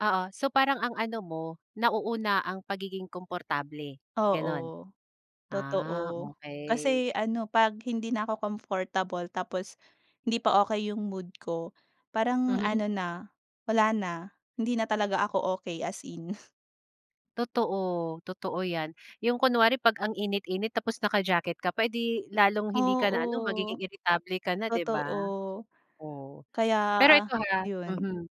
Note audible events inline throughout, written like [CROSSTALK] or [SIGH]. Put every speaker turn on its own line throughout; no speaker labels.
Oo. So, parang ang ano mo, nauuna ang pagiging komportable, gano'n?
Oo,
Ah,
totoo.
okay.
Kasi ano, 'pag hindi na ako comfortable tapos hindi pa okay 'yong mood ko, parang
Mhm.
ano na, wala na, hindi na talaga ako okay as in.
Totoo, totoo 'yan. 'Yong kunwari 'pag ang init-init tapos naka-jacket ka pa, eh, 'di, lalong hindi ka
Oo.
na ano, magiging irritable ka na, 'di
Totoo.
ba? Oh,
Kaya,
pero
a
ito ha,
'yon.
mhm,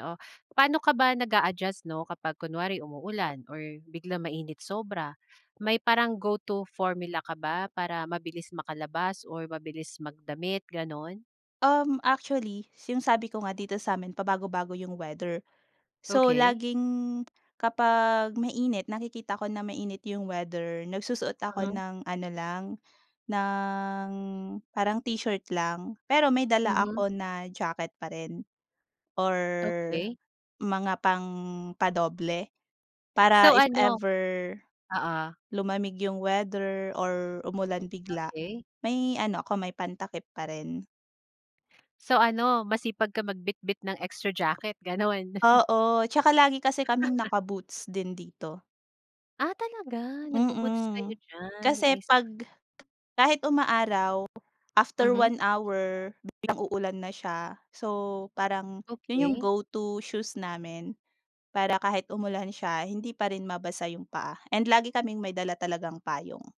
oo. Paano ka ba nag-a-adjust, 'no, kapag kunwari umuulan or biglang mainit sobra, may parang go-to formula ka ba para mabilis makalabas or mabilis magdamit gano'n?
Um, actually, 'yong sabi ko nga dito sa'min pabago-bago 'yong weather. So,
Okay.
laging, kapag mainit, nakikita ko na mainit 'yong weather nagsusuot ako
Uh-huh.
ng ano lang, ng parang t-shirt lang. Pero may dala
Mhm.
ako na jacket pa rin, or
Okay.
mga pangpa-doble, para
So
if
ano
ever,
oo.
lumamig 'yong weather or umulan bigla,
Okay.
may ano ako, may pantakip pa rin.
So ano, masipag ka magbitbit ng extra jacket, gano'n? [LAUGHS]
Oo. Tsaka lagi kasi kaming
[LAUGHS]
naka-boots din dito.
Ah, talaga. Nagbo-boots kayo
Mm.
diyan,
Kasi
I see.
'pag kahit umaaraw, after
Mhm.
1 hour biglang uulan na siya. So, parang 'yon 'yong
Okay.
go-to shoes namin. Para kahit umulan siya, hindi pa rin mabasa 'yong paa and lagi kaming may dala talagang payong.